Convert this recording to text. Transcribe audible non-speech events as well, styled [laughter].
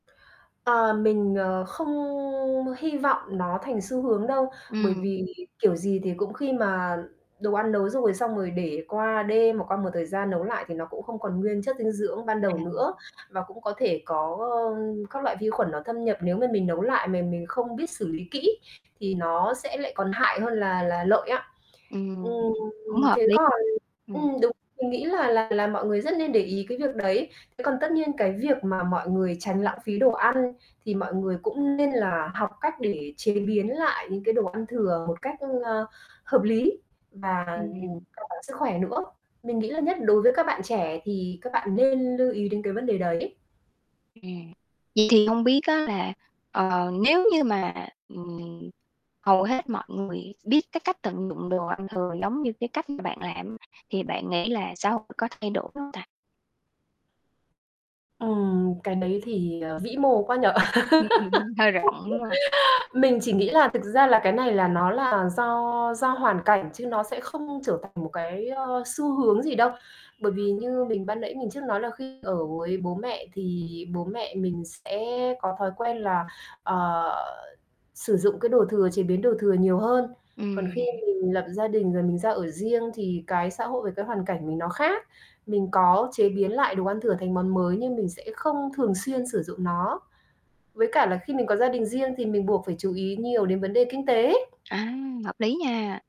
Ờ, mình, ờ, không hy vọng nó thành xu hướng đâu, bởi Ừm. vì kiểu gì thì cũng khi mà đồ ăn nấu rồi, xong rồi để qua đêm, hoặc qua một thời gian, nấu lại thì nó cũng không còn nguyên chất dinh dưỡng ban đầu nữa, À. và cũng có thể có các loại vi khuẩn nó thâm nhập. Nếu mà mình nấu lại mà mình không biết xử lý kỹ thì nó sẽ lại còn hại hơn là là lợi á. Ừm, cũng Ừm, hợp thế lý. còn Ừm. ừm, đúng, mình nghĩ là là là mọi người rất nên để ý cái việc đấy. Thế còn tất nhiên cái việc mà mọi người tránh lãng phí đồ ăn thì mọi người cũng nên là học cách để chế biến lại những cái đồ ăn thừa một cách, ờ, hợp lý và an Ừm. toàn sức khỏe nữa. Mình nghĩ là nhất đối với các bạn trẻ thì các bạn nên lưu ý đến cái vấn đề đấy. Ừm. Vậy thì hông biết á là, ờ, nếu như mà, ừm, hầu hết mọi người biết cái cách tận dụng đồ ăn thừa giống như cái cách mà bạn làm, thì bạn nghĩ là xã hội có thay đổi hông ta? Ừm, cái đấy thì, ờ, vĩ mồ quá nhỉ? [chuckles] Hơi rộng, đúng hông? [laughs] Mình chỉ nghĩ là thực ra là cái này là nó là do do hoàn cảnh, chứ nó sẽ không trở thành một cái, ờ, xu hướng gì đâu. Bởi vì như mình ban nãy mình trước nói là khi ở với bố mẹ thì bố mẹ mình sẽ có thói quen là, ờ, sử dụng cái đồ thừa, chế biến đồ thừa nhiều hơn. Còn khi Ừm. mình lập gia đình rồi mình ra ở riêng, thì cái xã hội với cái hoàn cảnh mình nó khác, mình có chế biến lại đồ ăn thừa thành món mới, nhưng mình sẽ không thường xuyên sử dụng nó. Với cả là khi mình có gia đình riêng thì mình buộc phải chú ý nhiều đến vấn đề kinh tế. À, hợp lý nha.